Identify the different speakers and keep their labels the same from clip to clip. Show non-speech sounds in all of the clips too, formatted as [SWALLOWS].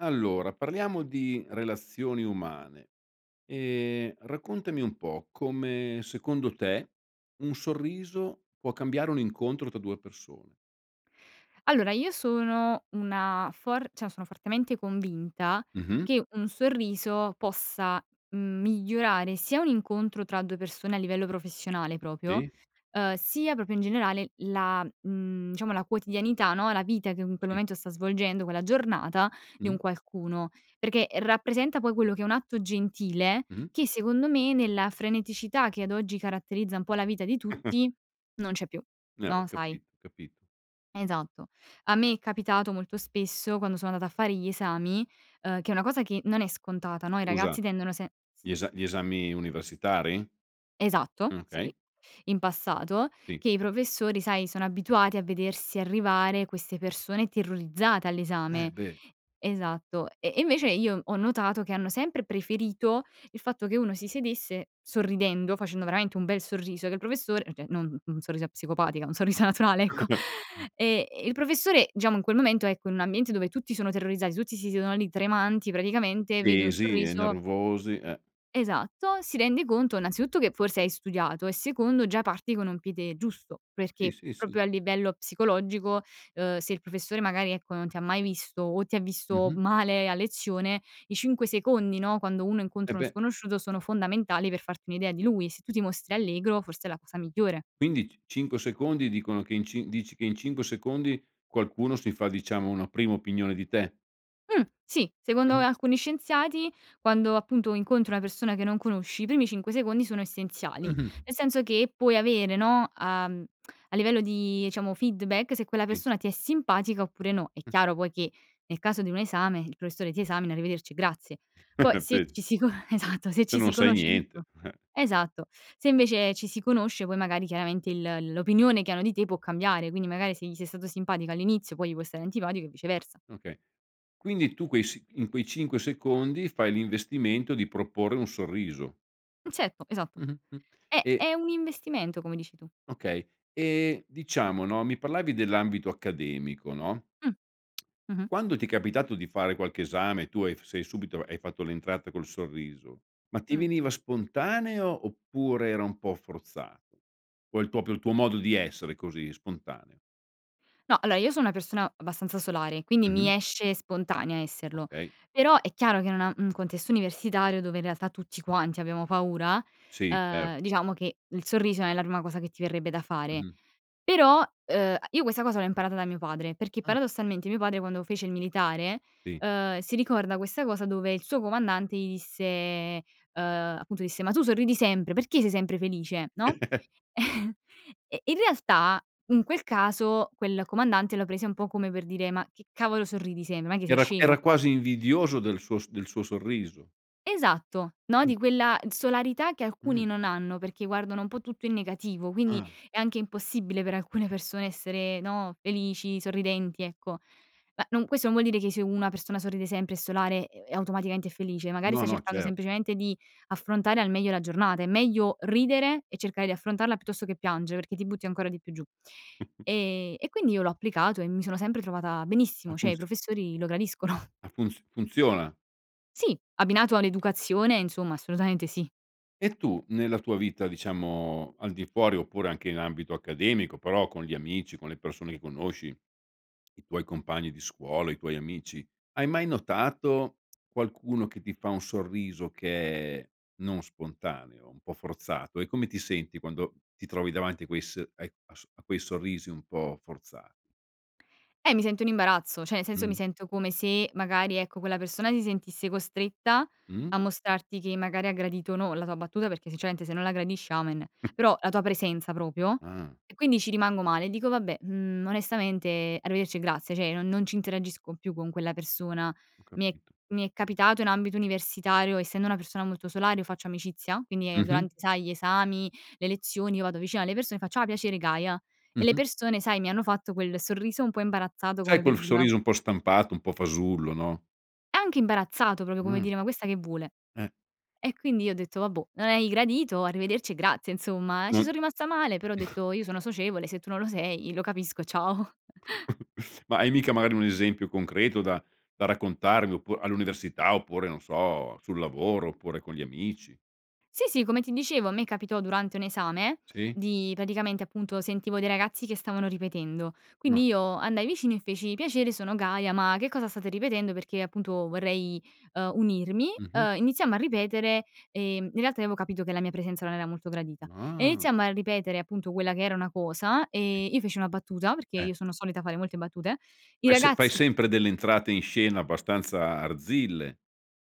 Speaker 1: Allora, parliamo di relazioni umane. Ehm, raccontami un po' come, secondo te, un sorriso può cambiare un incontro tra 2 persone.
Speaker 2: Allora io sono una for cioè sono fortemente convinta
Speaker 1: Mh-mh.
Speaker 2: che un sorriso possa, mhmm, migliorare sia un incontro tra 2 persone a livello professionale proprio,
Speaker 1: Sì.
Speaker 2: ehm, sia proprio in generale la, mhmm, diciamo la quotidianità, no, la vita che, mhmm, in quel
Speaker 1: Sì.
Speaker 2: momento sta svolgendo quella giornata di un
Speaker 1: Mh-mh.
Speaker 2: qualcuno, perché rappresenta poi quello che è un atto gentile
Speaker 1: Mh-mh.
Speaker 2: che secondo me, nella freneticità che ad oggi caratterizza un po' la vita di
Speaker 1: [CHUCKLES]
Speaker 2: tutti, non c'è più,
Speaker 1: Eh, ho
Speaker 2: no, sai.
Speaker 1: capi capi
Speaker 2: Esatto. A me è capitato molto spesso, quando sono andata a fare gli esami, ehm, che è una cosa che non è scontata, no, i
Speaker 1: Scusa,
Speaker 2: ragazzi tendono se s
Speaker 1: gli esa gli esami universitari?
Speaker 2: Esatto,
Speaker 1: Mh,
Speaker 2: sì,
Speaker 1: okay.
Speaker 2: in passato,
Speaker 1: Sì.
Speaker 2: che i professori, sai, sono abituati a vedersi arrivare queste persone terrorizzate
Speaker 1: Eh,
Speaker 2: all'esame.
Speaker 1: beh.
Speaker 2: Esatto, e e invece io ho notato che hanno sempre preferito il fatto che uno si sedesse sorridendo, facendo veramente un bel sorriso, che il professore, cioè non u un sorriso psicopatica, un sorriso naturale, ecco;
Speaker 1: [CHUCKLES]
Speaker 2: [INHALES] e e il professore, diciamo, in quel momento, ecco, in un ambiente dove tutti sono terrorizzati, tutti si siedono lì tremanti praticamente, vede un
Speaker 1: Tesi e
Speaker 2: sorriso
Speaker 1: nervosi, eh.
Speaker 2: Esatto, si rende conto innanzitutto che forse hai studiato, e secondo già parti con un piede giusto,
Speaker 1: Sì,
Speaker 2: perché
Speaker 1: sì, sì.
Speaker 2: proprio a livello psicologico, ehm, se il professore magari, ecco, non ti ha mai visto o ti ha visto
Speaker 1: Mh-mh.
Speaker 2: male a lezione, i 5 secondi, no, quando uno
Speaker 1: Eh,
Speaker 2: incontra uno
Speaker 1: beh.
Speaker 2: sconosciuto, sono fondamentali per farti un'idea di lui. Se tu ti mostri allegro forse è la cosa migliore.
Speaker 1: Quindi, c cinque secondi dicono che in cin dici che in 5 secondi, qualcuno si fa diciamo una prima opinione di te?
Speaker 2: Mh, sì, secondo, uhm,
Speaker 1: Mh-mh.
Speaker 2: alcuni scienziati, quando appunto incontri una persona che non conosci, i primi 5 secondi sono essenziali.
Speaker 1: Mh-mh.
Speaker 2: Nel senso che puoi avere, no, uhm, [SMACKS LIPS] a livello di, diciamo, feedback, se quella
Speaker 1: Sì.
Speaker 2: persona ti è simpatica oppure no. È
Speaker 1: Mh.
Speaker 2: chiaro poi che nel caso di un esame il professore ti esamina, arrivederci e grazie.
Speaker 1: Hai
Speaker 2: Poi se
Speaker 1: capit
Speaker 2: ci si con esatto, se
Speaker 1: Tu
Speaker 2: ci si
Speaker 1: non sai
Speaker 2: conosce dico
Speaker 1: niente, eh.
Speaker 2: esatto, se invece ci si conosce, poi magari chiaramente il l'opinione che hanno di te può cambiare, quindi magari se gli sei stato simpatico all'inizio poi gli può stare antipatico e viceversa.
Speaker 1: Okay. Quindi tu quei s in quei 5 secondi fai l'investimento di proporre un sorriso.
Speaker 2: Certo, esatto,
Speaker 1: Mh-mh, mh,
Speaker 2: è
Speaker 1: e
Speaker 2: è un investimento, come dici tu.
Speaker 1: Okay, ehm, diciamo no, mi parlavi dell'ambito accademico, no,
Speaker 2: Mh.
Speaker 1: [TSK]
Speaker 2: Mh-mh.
Speaker 1: quando ti è capitato di fare qualche esame e tu hai f sei subito hai fatto l'entrata col sorriso, ma ti
Speaker 2: Mh.
Speaker 1: veniva spontaneo oppure era un po' forzato o è proprio il tuo modo di essere così spontaneo?
Speaker 2: No, allora io sono una persona abbastanza solare, quindi mi
Speaker 1: Mh-mh.
Speaker 2: esce spontanea esserlo,
Speaker 1: Okay.
Speaker 2: però è chiaro che, in una in un contesto universitario dove in realtà tutti quanti abbiamo paura,
Speaker 1: Sì, certo.
Speaker 2: ehm, diciamo che il sorriso non è la prima cosa che ti verrebbe da fare,
Speaker 1: Mh-mh.
Speaker 2: però, uhm, io questa cosa l'ho imparata da mio padre, perché
Speaker 1: Ah.
Speaker 2: paradossalmente mio padre, quando fece il militare,
Speaker 1: Sì.
Speaker 2: ehm, si ricorda questa cosa dove il suo comandante gli disse, ehm, appunto disse: “Ma tu sorridi sempre, perché sei sempre felice, no?”
Speaker 1: [CHUCKLES]
Speaker 2: Eh, in realtà, in quel caso, quel comandante lo prese un po' come per dire: “Ma che cavolo sorridi sem non è che sei
Speaker 1: Era era
Speaker 2: scemo?”
Speaker 1: quasi invidioso del suo s del suo sorriso.
Speaker 2: Esatto. No,
Speaker 1: Mh.
Speaker 2: di quella t solarità che alcuni
Speaker 1: Mh.
Speaker 2: non hanno perché guardano un po' tutto in negativo, quindi
Speaker 1: Ah.
Speaker 2: è anche impossibile per alcune persone essere, no, felici, sorridenti, ecco. Ma non questo non vuol dire che se una persona sorride sempre, è solare e e automaticamente è felice. Magari
Speaker 1: No
Speaker 2: sta
Speaker 1: no
Speaker 2: cercando
Speaker 1: certo.
Speaker 2: semplicemente di affrontare al meglio la giornata. È meglio ridere e cercare di affrontarla che piangere perché ti butti ancora di più giù.
Speaker 1: [SNORTS]
Speaker 2: Ehm, e quindi io l'ho applicato e mi sono sempre trovata benissimo, cioè
Speaker 1: Alcuni
Speaker 2: i
Speaker 1: sì.
Speaker 2: professori lo gradiscono.
Speaker 1: Ah funz funziona?
Speaker 2: Sì, abbinato all'educazione, insomma, assolutamente sì.
Speaker 1: E tu, nella tua vita diciamo, al di fuori oppure anche in ambito accademico però con gli amici, con le persone che conosci, [SWALLOWS] i tuoi compagni di scuola, i tuoi amici, hai mai notato [SMACKS LIPS] qualcuno che ti fa un sorriso che non spontaneo, un po' forzato e come ti senti quando ti trovi davanti a ques ai a s a quei sorrisi un po' forzati?
Speaker 2: Eh, mi sento in imbarazzo. Cioè, nel senso, mi
Speaker 1: Mh-mh.
Speaker 2: sento come se, magari ecco, quella persona si sentisse costretta
Speaker 1: Mh-mh.
Speaker 2: a mostrarti che magari ha gradito o no, la tua battuta, perché sinceramente se non la gradisce, amen.
Speaker 1: [LAUGHS]
Speaker 2: Però la tua presenza proprio,
Speaker 1: Ah.
Speaker 2: e quindi ci rimango male, dico: “Vabbè, mhmm, onestamente, arrivederci e grazie”. Cioè, non non ci interagisco più con quella persona.
Speaker 1: Ho
Speaker 2: Mi è
Speaker 1: capito.
Speaker 2: mi è capitato in ambito universitario, essendo una persona molto solare, io faccio amicizia, quindi
Speaker 1: Mh-mh.
Speaker 2: durante, sai, gli esami, le lezioni, io vado vicino alle persone, faccio: “Ah, piacere, Gaia”,
Speaker 1: Mh
Speaker 2: e le
Speaker 1: mh.
Speaker 2: persone, sai, mi hanno fatto quel sorriso un po' imbarazzato,
Speaker 1: Sai
Speaker 2: come per
Speaker 1: quel
Speaker 2: dire: “Ma c”
Speaker 1: sorriso un po' stampato, un po' fasullo, no?
Speaker 2: Anche imbarazzato, proprio come
Speaker 1: Mhmm.
Speaker 2: dire: "Ma questa che vuole?"
Speaker 1: Eh.
Speaker 2: E quindi io ho detto: "Vabbò, non hai gradito arrivederci e grazie", insomma, ci
Speaker 1: Mh,
Speaker 2: son rimasta male però ho
Speaker 1: [CHUCKLES]
Speaker 2: detto: "Io sono socievole, se tu non lo sei, lo capisco, ciao".
Speaker 1: [CHUCKLES] Ma è mica magari un esempio concreto da da raccontarvi oppu all'università oppure non so, sul lavoro oppure con gli amici.
Speaker 2: Sì, sì, come ti dicevo, a me capitò durante un esame
Speaker 1: Sì?
Speaker 2: di praticamente, appunto sentivo dei ragazzi che stavano ripetendo,
Speaker 1: Ah.
Speaker 2: quindi io andai vicino e feci: “Piacere, sono Gaia, ma che cosa state ripetendo? Perché appunto vorrei, uhm, unirmi",
Speaker 1: Mh mh.
Speaker 2: ehm, iniziamo a ripetere, ehm. In realtà avevo capito che la mia presenza non era molto gradita. E
Speaker 1: Ah!
Speaker 2: iniziamo a ripetere appunto quella che era una cosa,
Speaker 1: Sì.
Speaker 2: ehm, io feci una battuta, perché
Speaker 1: Eh.
Speaker 2: io sono solita fare molte battute. I
Speaker 1: Fai se fai
Speaker 2: ragazzi
Speaker 1: sempre delle entrate in scena abbastanza arzille.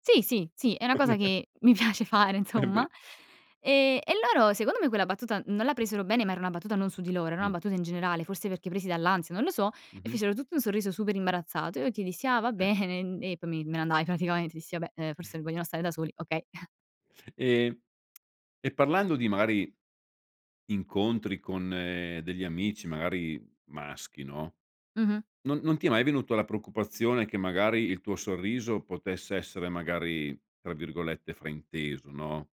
Speaker 2: Sì, sì, sì. È una cosa
Speaker 1: [CHUCKLES]
Speaker 2: che, mhmm, mi piace fare,
Speaker 1: Embeh.
Speaker 2: insomma, ehm, e loro secondo me quella battuta non la presero bene, ma era una battuta, non su di loro, era una
Speaker 1: Mh.
Speaker 2: battuta in generale, forse perché presi dall'ansia, non lo so,
Speaker 1: Mh mh.
Speaker 2: fecero tutti un sorriso super imbarazzato e io ti dissi: “Va
Speaker 1: Eh.
Speaker 2: bene, uhm”, e poi mi me ne andai praticamente, dissi: “Vabbè, ehm,
Speaker 1: [SIGHS]
Speaker 2: forse vogliono stare da soli, okay.” [CHUCKLES]
Speaker 1: Ehm, [TSK] e parlando di magari incontri con degli amici magari maschi, no,
Speaker 2: Mh mh.
Speaker 1: non non ti è mai venuto la preoccupazione che magari il tuo sorriso potesse essere magari, tra virgolette "frainteso", no?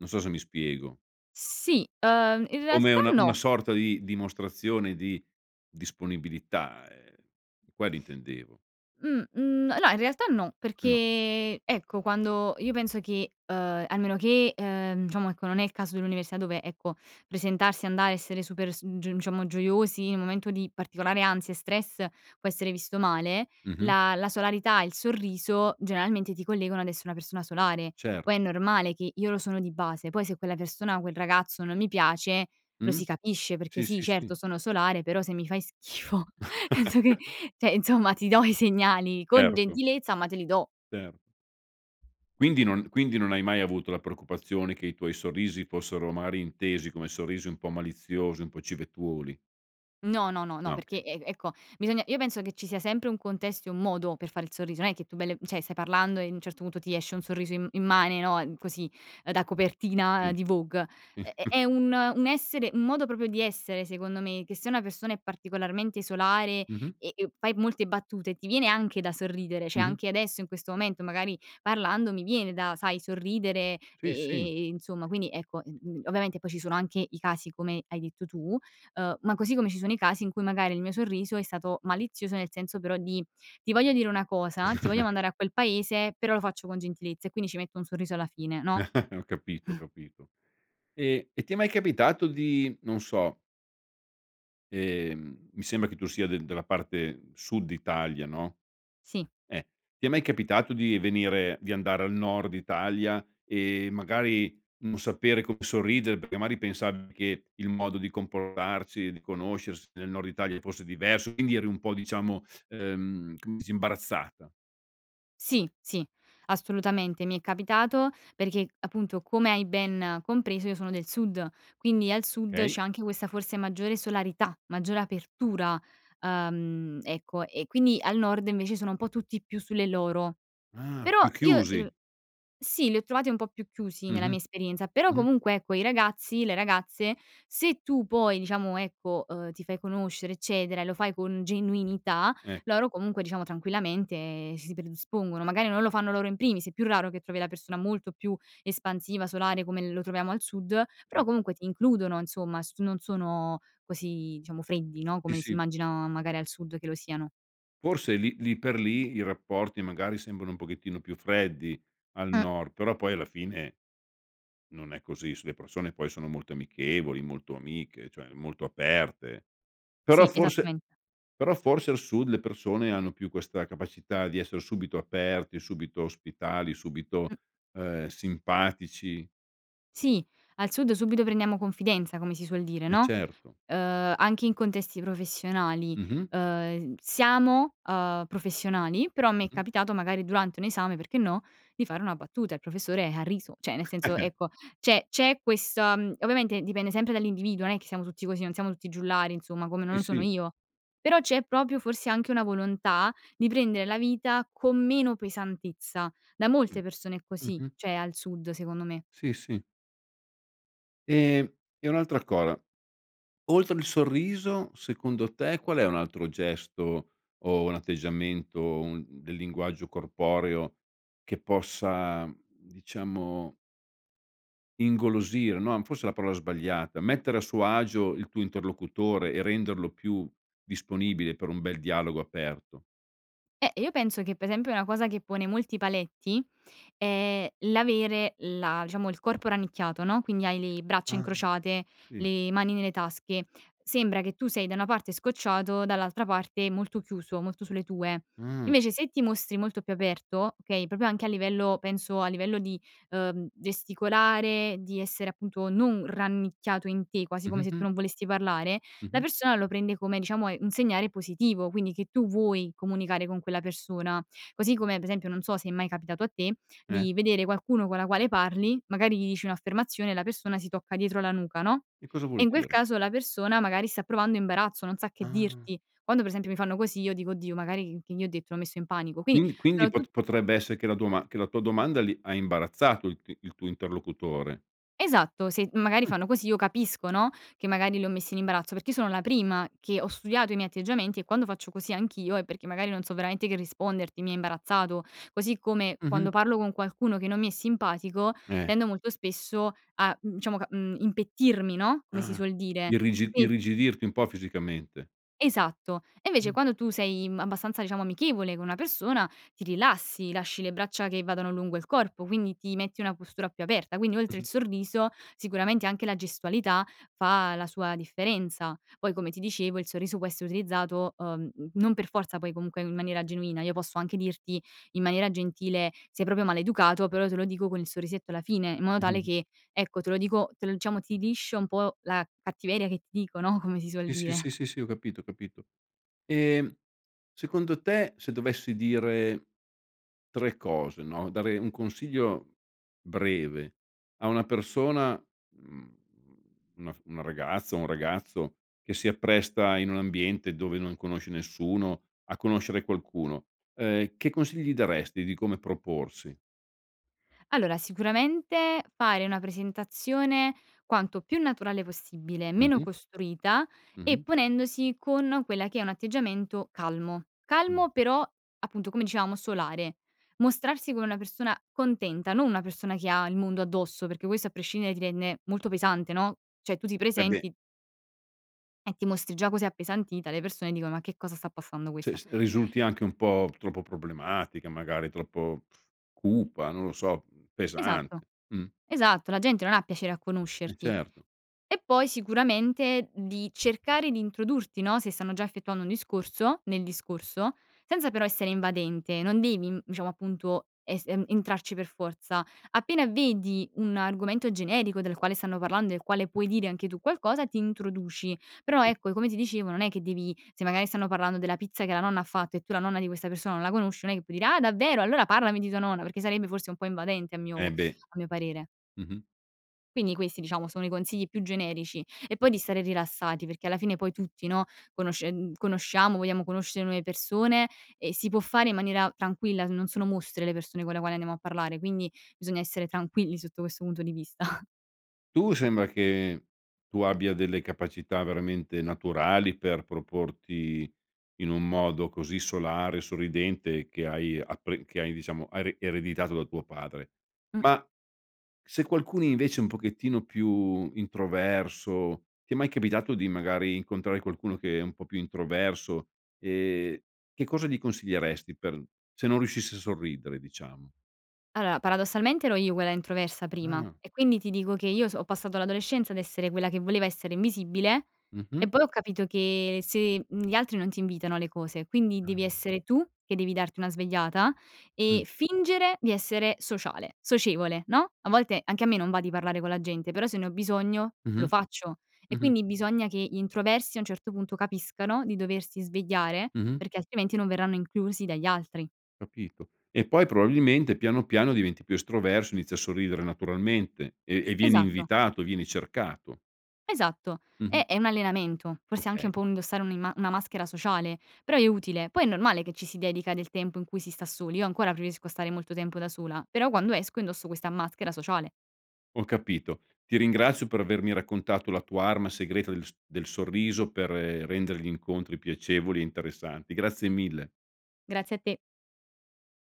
Speaker 1: Non so se mi spiego.
Speaker 2: Sì, uhm, in
Speaker 1: Come
Speaker 2: realtà
Speaker 1: una una
Speaker 2: no.
Speaker 1: sorta di dimostrazione di disponibilità, uhm, quello intendevo.
Speaker 2: Mhmm, uhm, n no, in realtà no,
Speaker 1: No.
Speaker 2: perché, ecco, quando io penso che, uhm, a meno che, uhm, diciamo, ecco, non è il caso dell'università, dove, ecco, presentarsi, andare, essere super su diciamo, gioiosi in un momento di particolare ansia e stress può essere visto male,
Speaker 1: Mh mh.
Speaker 2: la la solarità, il sorriso, generalmente ti collegano ad essere una persona solare.
Speaker 1: Certo.
Speaker 2: Poi è normale che io lo sono di base. Poi se quella persona o quel ragazzo non mi piace, lo
Speaker 1: Mh.
Speaker 2: si capisce perché
Speaker 1: Sì
Speaker 2: sì,
Speaker 1: sì sì.
Speaker 2: certo, sono solare, però se mi fai schifo penso che,
Speaker 1: [LAUGHS]
Speaker 2: cioè, insomma, ti do i segnali con
Speaker 1: Certo.
Speaker 2: gentilezza, ma te li do.
Speaker 1: Certo. Quindi non quindi non hai mai avuto la preoccupazione che i tuoi sorrisi fossero magari intesi come sorrisi un po' maliziosi, un po' civettuoli?
Speaker 2: No, no, no, no, no,
Speaker 1: Ah
Speaker 2: perché
Speaker 1: okay.
Speaker 2: e e ecco, bisogna, io penso che ci sia sempre un contesto e un modo per fare il sorriso, non è che tu bel cioè, stai parlando e a un certo punto ti esce un sorriso im immane, no, così, da copertina
Speaker 1: Sì.
Speaker 2: di Vogue. È è un un essere un modo proprio di essere, secondo me, che se una persona è particolarmente solare
Speaker 1: Mh-mh.
Speaker 2: e e fai molte battute, ti viene anche da sorridere, cioè
Speaker 1: Mh-mh.
Speaker 2: anche adesso in questo momento magari parlando mi viene da, sai, sorridere, e
Speaker 1: Sì, sì.
Speaker 2: e, insomma, quindi, ecco, mhmm, ovviamente poi ci sono anche i casi come hai detto tu, ehm, ma così come ci sono i casi in cui magari il mio sorriso è stato malizioso, nel senso però di: “Ti voglio dire una cosa, ti voglio
Speaker 1: [CHUCKLES]
Speaker 2: mandare a quel paese”, però lo faccio con gentilezza e quindi ci metto un sorriso alla fine, no?
Speaker 1: [CHUCKLES] Ho capito, ho
Speaker 2: Mh.
Speaker 1: capito, ehm, e ti è mai capitato di, non so ehm, mi sembra che tu sia del della parte sud Italia, no?
Speaker 2: Sì.
Speaker 1: eEh, ti è mai capitato di venire, di andare al nord Italia, ehm, magari non sapere come sorridere perché magari pensavi che il modo di comportarsi, di conoscersi nel nord Italia fosse diverso, quindi eri un po' diciamo, ehm, com s imbarazzata?
Speaker 2: Sì. Sì. Assolutamente. Mi è capitato perché appunto, come hai ben compreso, io sono del sud, quindi al sud
Speaker 1: Okay.
Speaker 2: c'è anche questa forse maggiore solarità, maggiore apertura. Ehm, ecco, e quindi al nord invece sono un po' tutti più sulle loro.
Speaker 1: Ah,
Speaker 2: Però
Speaker 1: più
Speaker 2: io
Speaker 1: chiusi.
Speaker 2: er sì, li ho trovati un po' più chiusi nella
Speaker 1: Mh-mh.
Speaker 2: mia esperienza, però
Speaker 1: Mh-mh.
Speaker 2: comunque, ecco, i ragazzi, le ragazze, se tu poi, diciamo ecco, ehm, ti fai conoscere eccetera e lo fai con genuinità,
Speaker 1: Eh.
Speaker 2: loro comunque, diciamo tranquillamente, si predispongono. Magari non lo fanno loro in primis è più raro che trovi la persona molto più espansiva, solare come lo troviamo al sud, però
Speaker 1: Sì.
Speaker 2: comunque ti includono, insomma, s non sono così, diciamo, freddi no,
Speaker 1: Sì,
Speaker 2: come si
Speaker 1: sì.
Speaker 2: immaginano magari al sud che lo siano.
Speaker 1: Forse lì lì per lì i rapporti magari sembrano un pochettino più freddi al
Speaker 2: Mh.
Speaker 1: nord, però poi alla fine non è così. Su le persone poi sono molto amichevoli, molto amiche, cioè molto aperte. Però
Speaker 2: Sì,
Speaker 1: forse
Speaker 2: esattamen
Speaker 1: però forse al sud le persone hanno più questa capacità di esser subito aperti, subito ospitali, subito,
Speaker 2: Mh.
Speaker 1: ehm, simpatici.
Speaker 2: Sì, al sud subito prendiamo confidenza come si suol dire,
Speaker 1: Eh,
Speaker 2: no;
Speaker 1: certo.
Speaker 2: ehm, anche in contesti professionali,
Speaker 1: Mh-mh.
Speaker 2: ehm, siamo, ehm, professionali però a me è
Speaker 1: Mh-mh.
Speaker 2: capitato, magari durante un esame perché no, di fare una battuta. Il professore ha riso; cioè nel senso,
Speaker 1: [CHUCKLES]
Speaker 2: ecco, c'è c'è questa mhmm, ovviamente dipende sempre dall'individuo non è che siamo tutti così, non siamo tutti giullari, insomma, come non
Speaker 1: E
Speaker 2: lo sono
Speaker 1: sì.
Speaker 2: io. Però c'è proprio forse anche una volontà di prendere la vita con meno pesantezza. Da molte
Speaker 1: Mh.
Speaker 2: persone è così,
Speaker 1: Mh-mh.
Speaker 2: cioè al sud, secondo me.
Speaker 1: Sì, sì. Ehm, e un'altra cosa oltre il sorriso secondo te qual è un altro gesto o un atteggiamento un del linguaggio corporeo che possa diciamo ingolosire, no forse è la parola sbagliata, mettere a suo agio il tuo interlocutore e renderlo più disponibile per un bel dialogo aperto.
Speaker 2: Eh, io penso che per esempio una cosa che pone molti paletti, è l'avere la diciamo, il corpo rannicchiato no. Quindi hai le braccia
Speaker 1: Ah
Speaker 2: incrociate,
Speaker 1: sì.
Speaker 2: le mani nelle tasche, sembra che tu sei da una parte scocciato dall'altra parte molto chiuso, molto sulle tue.
Speaker 1: Mh.
Speaker 2: Invece se ti mostri molto più aperto, okay, proprio anche a livello, penso, a livello di, ehm, gesticolare, di essere appunto non rannicchiato in te, quasi come se
Speaker 1: Mh-mh-mh.
Speaker 2: tu non volessi parlare, la
Speaker 1: Mh-mh.
Speaker 2: persona lo prende come diciamo è un segnale positivo, quindi che tu vuoi comunicare con quella persona. Così come per esempio non so se è mai capitato a te
Speaker 1: Eh.
Speaker 2: di vedere qualcuno con la quale parli magari gli dici un'affermazione, la persona si tocca dietro la nuca no.
Speaker 1: Che cosa
Speaker 2: E
Speaker 1: vuol
Speaker 2: in quel
Speaker 1: dire?
Speaker 2: caso la persona magari sta provando imbarazzo, non sa che
Speaker 1: Ah.
Speaker 2: dirti. Quando per esempio mi fanno così io dico:" Oddio magari c che gli ho detto, l'ho messo in panico." Quindi
Speaker 1: Quindi quindi
Speaker 2: sono tut
Speaker 1: pot potrebbe essere che la doma che la tua domanda li ha imbarazzato il t il tuo interlocutore?
Speaker 2: Esatto se magari
Speaker 1: Mh.
Speaker 2: fanno così io capisco no, che magari li ho messi in imbarazzo. Perché io sono la prima che ho studiato i miei atteggiamenti, e quando faccio così anch'io è perché magari non so veramente che risponderti, mi hai imbarazzato. Così come
Speaker 1: Mh-mh.
Speaker 2: quando parlo con qualcuno che non mi è simpatico
Speaker 1: Eh.
Speaker 2: tendo molto spesso a, mhmm, diciamo, mhmm, impettirmi, no. Come si
Speaker 1: Ah,
Speaker 2: suol dire, E
Speaker 1: irrigi
Speaker 2: quin
Speaker 1: irrigidirti un po' fisicamente.
Speaker 2: Esatto e invece
Speaker 1: Mh.
Speaker 2: quando tu sei, mhmm, abbastanza diciamo amichevole con una persona ti rilassi, lasci le braccia che vadano lungo il corpo quindi ti metti una postura più aperta. Quindi, oltre il
Speaker 1: Mh-mh.
Speaker 2: sorriso, sicuramente anche la gestualità fa la sua differenza. Poi come ti dicevo il sorriso può essere utilizzato, ehm, non per forza poi comunque in maniera genuina. Io posso anche dirti in maniera gentile, sei proprio maleducato, però te lo dico con il sorrisetto alla fine, in modo tale,
Speaker 1: Mh-mh.
Speaker 2: che ecco te lo dico te diciamo, ti liscio un po' la cattiveria che ti dico no, come si suol
Speaker 1: Sì,
Speaker 2: dire.
Speaker 1: sì, sì, sì ho capito, ho capito. E secondo te se dovessi dire tre cose no, dare un consiglio breve a una persona, mhmm, una f una ragazza, un ragazzo, che si appresta in un ambiente dove non conosce nessuno a conoscere qualcuno, ehm, che consigli daresti di come proporsi?
Speaker 2: Allora sicuramente fare una presentazione quanto più naturale possibile, meno
Speaker 1: Mh-mh.
Speaker 2: costruita e
Speaker 1: Mh-mh.
Speaker 2: ponendosi con quella che è un atteggiamento calmo.
Speaker 1: Mh.
Speaker 2: Calmo però appunto come dicevamo solare. Mostrarsi come una persona contenta, non una persona che ha il mondo addosso perché questo a prescindere ti rende molto pesante no. Cioè tu ti
Speaker 1: Eh beh.
Speaker 2: presenti e ti mostri già così appesantita, le persone dicono: "Ma che cosa sta passando
Speaker 1: Cioè,
Speaker 2: questa?"
Speaker 1: risulti anche un po' troppo problematica magari, troppo cupa, non lo so, mhmm,
Speaker 2: Esatto.
Speaker 1: pesante, mh.
Speaker 2: Esatto la gente non ha piacere a
Speaker 1: Eh
Speaker 2: conoscerti.
Speaker 1: certo.
Speaker 2: E poi sicuramente di cercare di introdurti no, se stanno già effettuando un discorso, nel discorso, senza però essere invadente. Non devi diciamo appunto es entrarci per forza. Appena vedi un argomento generico del quale stanno parlando e il quale puoi dire anche tu qualcosa ti introduci però
Speaker 1: Sì.
Speaker 2: ecco, e come ti dicevo, non è che devi se magari stanno parlando della pizza che la nonna ha fatto e tu la nonna di questa persona non la conosci non è che puoi dire:" Ah davvero! Allora parlami di tua nonna". Perché sarebbe forse un po' invadente a mio
Speaker 1: Eh beh.
Speaker 2: a mio parere.
Speaker 1: Mh-mh.
Speaker 2: Quindi questi, diciamo, sono i consigli più generici. E poi di stare rilassati perché alla fine, poi tutti, no, conoscen conosciamo, vogliamo conoscere nuove persone, e si può fare in maniera tranquilla, n non sono mostri le persone con le quali andiamo a parlare; quindi bisogna essere tranquilli sotto questo punto di vista.
Speaker 1: Tu sembra che tu abbia delle capacità veramente naturali per proporti in un modo così solare e sorridente, che hai appre che hai, diciamo hai re ereditato da tuo padre.
Speaker 2: Mh.
Speaker 1: Ma se qualcuno, invece, è un pochettino più introverso, ti è mai capitato di, magari, incontrare qualcuno che è un po' più introverso? Ehm, che cosa gli consiglieresti per se non riuscisse a sorridere, diciamo?
Speaker 2: Allora, paradossalmente ero io quella introversa prima,
Speaker 1: Ah.
Speaker 2: e quindi ti dico che io so ho passato l'adolescenza ad essere quella che voleva essere invisibile,
Speaker 1: Mh-mh
Speaker 2: e poi ho capito che se, mhmm, gli altri non ti invitano alle cose; quindi devi
Speaker 1: Ahn.
Speaker 2: essere tu che devi darti una svegliata e
Speaker 1: Mh.
Speaker 2: fingere di essere sociale socievole, no; a volte anche a me non va di parlare con la gente, però se ne ho bisogno, lo
Speaker 1: Mh-mh.
Speaker 2: faccio. E
Speaker 1: Mh-mh.
Speaker 2: quindi bisogna che gli introversi, a un certo punto, capiscano di doversi svegliare
Speaker 1: Mh-mh.
Speaker 2: perché, altrimenti, non verranno inclusi dagli altri.
Speaker 1: Capito. E poi probabilmente, piano, piano, diventi più estroverso e inizi a sorridere naturalmente, e e vieni
Speaker 2: Esatto.
Speaker 1: invitato, vieni cercato.
Speaker 2: Esatto.
Speaker 1: Mh-mh.
Speaker 2: È è un allenamento. Forse anche un
Speaker 1: Okay.
Speaker 2: po' indossare un'imma una maschera sociale; però è utile. Poi è normale che ci si dedica del tempo in cui si sta soli. Io ancora preferisco stare molto tempo da sola, però, quando esco indosso questa maschera sociale.
Speaker 1: Ho capito. Ti ringrazio per avermi raccontato la tua arma segreta del s del sorriso per rendere gli incontri piacevoli e interessanti. Grazie mille.
Speaker 2: Grazie a te.